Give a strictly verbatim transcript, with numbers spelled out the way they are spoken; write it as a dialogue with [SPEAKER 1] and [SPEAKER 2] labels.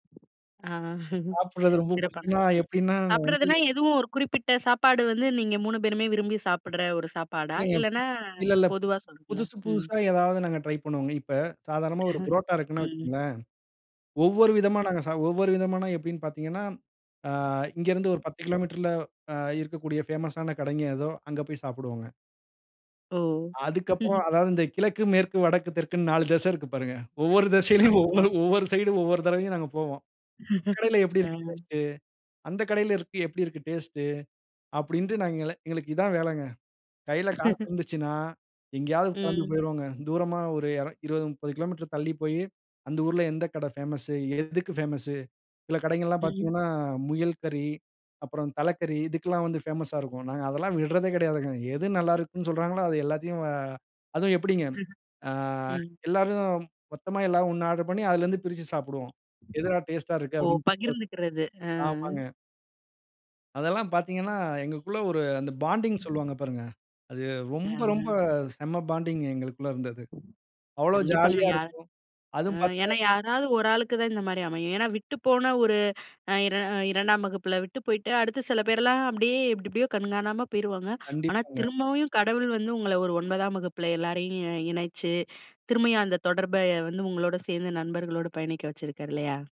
[SPEAKER 1] ஆ
[SPEAKER 2] சாப்பிடுறது ரொம்ப
[SPEAKER 1] சிறப்பான
[SPEAKER 2] புடிக்கும்னா
[SPEAKER 1] விஷயம்.
[SPEAKER 2] எப்டின்னா வந்து
[SPEAKER 1] சாப்பிடுறதுனா எதுவும் ஒரு குறிப்பிட்ட சாப்பாடு வந்து நீங்க மூணு பேருமே விரும்பி சாப்பிடுற ஒரு சாப்பாடா?
[SPEAKER 2] இல்லைங்க.
[SPEAKER 1] இல்லன்னா,
[SPEAKER 2] இல்ல, இல்ல.
[SPEAKER 1] பொதுவா சொல்லுங்களேன்
[SPEAKER 2] புதுசு
[SPEAKER 1] ம்.
[SPEAKER 2] புதுசா ஏதாவது நாங்க ட்ரை பண்ணுவோங்க. இப்ப, சாதாரணமா ஒரு புரோட்டா இருக்குன்னே
[SPEAKER 1] ம்.
[SPEAKER 2] வச்சிக்கங்களேன், ஒவ்வொரு விதமா நாங்க சா ஒவ்வொரு விதமான எப்டின்னு பாத்தீங்கன்னா, அ இங்க இருந்து ஒரு பத்து கிலோமீட்டர்ல அ இருக்கக்கூடிய பேமஸ்ஸான கடைங்க எதோ, அங்க போய் சாப்பிடுவோங்க.
[SPEAKER 1] ஓ!
[SPEAKER 2] அதுக்கப்புறம் அதாவது இந்த கிழக்கு, மேற்கு, வடக்கு, தெற்குன்னு நாலு திசை இருக்கு பாருங்க. ஒவ்வொரு திசையிலையும்
[SPEAKER 1] ஆமாங்க.
[SPEAKER 2] ஒவ்வொரு ஒவ்வொரு சைடும், ஒவ்வொரு தடவயும் நாங்க போவோம். "இந்தக் கடையில எப்டி இருக்கு
[SPEAKER 1] அ,
[SPEAKER 2] டேஸ்ட்டு? அந்த கடையில இருக்கு எப்டி இருக்கு டேஸ்ட்டு?" அப்டின்ட்டு நாங்க எல்லாம் எங்களுக்கு இதுதான் வேலங்க. கையில காசு இருந்துச்சுன்னா, எங்கேயாவது கிளம்பி
[SPEAKER 1] ம்.
[SPEAKER 2] போயிருவோங்க. தூரமா ஒரு எர இருவது, முப்பது கிலோமீட்டர் தள்ளி போயி, அந்த ஊர்ல எந்த கடை பேமஸூ? எதுக்கு பேமஸூ? சில கடைங்கள்லாம்
[SPEAKER 1] ம்.
[SPEAKER 2] பார்த்தீங்கன்னா, முயல் கறி, அப்புறம் தலைக்கறி இதுக்கெல்லாம் வந்து பேமஸ்ஸா இருக்கும். நாங்க அதெல்லாம் விடுறதே கிடையாதுங்க. எது நல்லா இருக்குன்னு சொல்லுறாங்களோ அது எல்லாத்தையும் அ அதுவும் எப்டிங்க! ஆ
[SPEAKER 1] ம்.
[SPEAKER 2] எல்லாரும் மொத்தமா எல்லாம் ஒண்ணா ஆர்டர் பண்ணி, அதிலருந்து பிரிச்சு சாப்பிடுவோம். "எதுடா டேஸ்ட்டா இருக்கு?"
[SPEAKER 1] ஓ!
[SPEAKER 2] அப்டின்னு [unintelligible]
[SPEAKER 1] பகிர்ந்துக்கிறது ஆ.
[SPEAKER 2] ஆமாங்க. அதெல்லாம் பாத்தீங்கன்னா, எங்கக்குள்ள ஒரு அந்த பாண்டிங் சொல்வாங்க பாருங்க. அது
[SPEAKER 1] அ.
[SPEAKER 2] ரொம்ப, ரொம்ப செம்ம பாண்டிங் எங்களுக்குள்ள இருந்தது. அவ்வளோ
[SPEAKER 1] கண்டிப்பாங்க,
[SPEAKER 2] ஜாலியா
[SPEAKER 1] யார்
[SPEAKER 2] இருக்கும்.
[SPEAKER 1] அ
[SPEAKER 2] அதுவும்
[SPEAKER 1] ஏன்னா,
[SPEAKER 2] பார்த்தீங்கன்னா
[SPEAKER 1] யாராவது ஒரு ஆளுக்கு தான் இந்த மாரி அமையும். ஏன்னா, விட்டு போன ஒரு அ இர இரண்டாம் வகுப்புல விட்டு போய்ட்டு, அடுத்து சில பேர்லாம் அப்டியே, எப்டி எப்டியோ கண்காணாம போயிருவாங்க. ஆனா,
[SPEAKER 2] கண்டிப்பாங்க.
[SPEAKER 1] திரும்பவியும் கடவுள் வந்து உங்கள ஒரு ஒன்பதாம் வகுப்புல எல்லாரையும் இ இணைச்சு, திரும்பயும் அந்த தொடர்ப எ வந்து உங்களோட சேர்ந்து நண்பர்களோடு பயணிக்க வச்சுருக்காரு, இல்லையா?